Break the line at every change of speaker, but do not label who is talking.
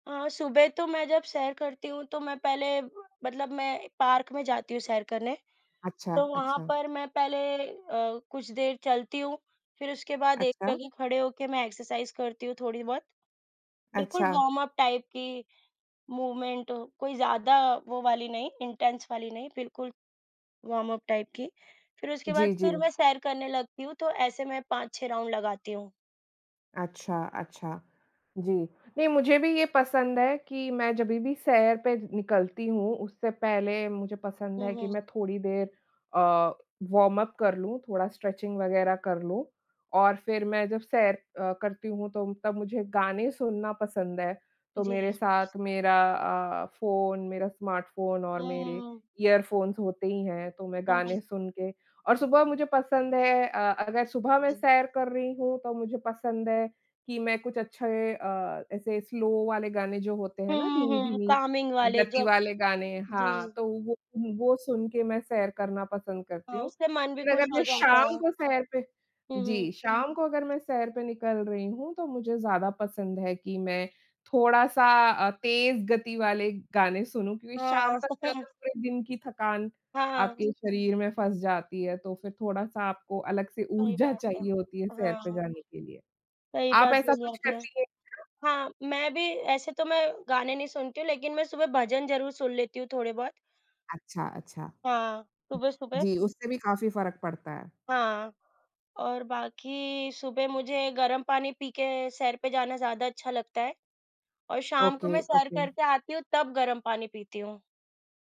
अ, सुबह तो मैं जब सैर करती हूँ तो मैं पहले मतलब मैं पार्क में जाती हूँ सैर करने।
अच्छा,
तो वहाँ
अच्छा।
पर मैं पहले अ, कुछ देर चलती हूँ, फिर उसके बाद एक
अच्छा।
जगह खड़े हो के मैं एक्सरसाइज़ करती हूँ थोड़ी-बहुत। बिल्कुल
अच्छा।
वार्मअप टाइप की मूवमेंट कोई ज़्यादा वो वाली नहीं, इंटेंस वाली नहीं बिल्कुल वार्मअप टाइप की। फिर उसके बाद
जी,
फिर
जी।
मैं सैर करने लगती हूँ तो ऐसे मैं 5-6 राउंड लगाती हूँ।
अच्छा, अच्छा, जी। नहीं मुझे भी ये पसंद है कि मैं जभी भी सैर पे निकलती हूँ उससे पहले मुझे पसंद
हुँ,
है कि
हुँ।
मैं थोड़ी देर अ, वॉर्मअप कर लूँ, थोड़ा स्ट्रेचिंग वग़ैरह कर लूँ और फिर मैं जब सैर अ, करती हूँ तो तब मुझे गाने सुनना पसंद है। तो
जी।
मेरे साथ मेरा अ, फ़ोन मेरा स्मार्टफ़ोन और मेरे
हम्म।
ईयरफ़ोन्स होते ही हैं तो मैं
हुँ,
गाने
हुँ।
सुन के और सुबह मुझे पसंद है अ, अगर सुबह
उ
मैं सैर कर रही हूँ तो मुझे पसंद है कि मैं कुछ अच्छे अ, ऐसे स्लो वाले गाने जो होते हैं ना,
हुँ, हुँ
धीमी-धीमी
कामिंग वाले
गति
जो
वाले गाने, हाँ,
जी।
तो वो वो सुन के मैं सैर करना पसंद करती
हाँ,
हूँ।
उससे मन भी
फिर अगर
खुश
मैं
हो जाता है।
शाम को सैर पे
हुँ, हुँ।
जी, शाम को अगर मैं सैर पे निकल रही हूँ तो मुझे ज़्यादा पसंद है कि मैं थोड़ा-सा अ, तेज़ गति वाले गाने सुनूँ। क्योंकि
हाँ,
शाम
हाँ।
तक
होता है।
पूरे दिन की थकान
हाँ, हाँ।
आपके शरीर में फँस जाती है तो फिर थोड़ा-सा आपको अलग से
सही
ऊर्जा
बात है।
चाहिए होती है सैर पे
हाँ।
जाने के लिए।
सही
आप
बात
ऐसा
बोली
कुछ
आपने।
करती है क्या?
हाँ, मैं भी ऐसे तो मैं गाने नहीं सुनती हूँ लेकिन मैं सुबह भजन ज़रूर सुन लेती हूँ थोड़े-बहुत।
अच्छा, अच्छा।
हाँ, सुबह, सुबह।
जी, उससे भी काफ़ी फ़र्क पड़ता है।
हाँ। और बाकी सुबह मुझे गरम पानी पी के सैर पे जाना ज़्यादा अच्छा लगता है। और शाम को
ओके,
मैं सैर
ओके।
करके आती हूँ तब गरम पानी पीती हूँ।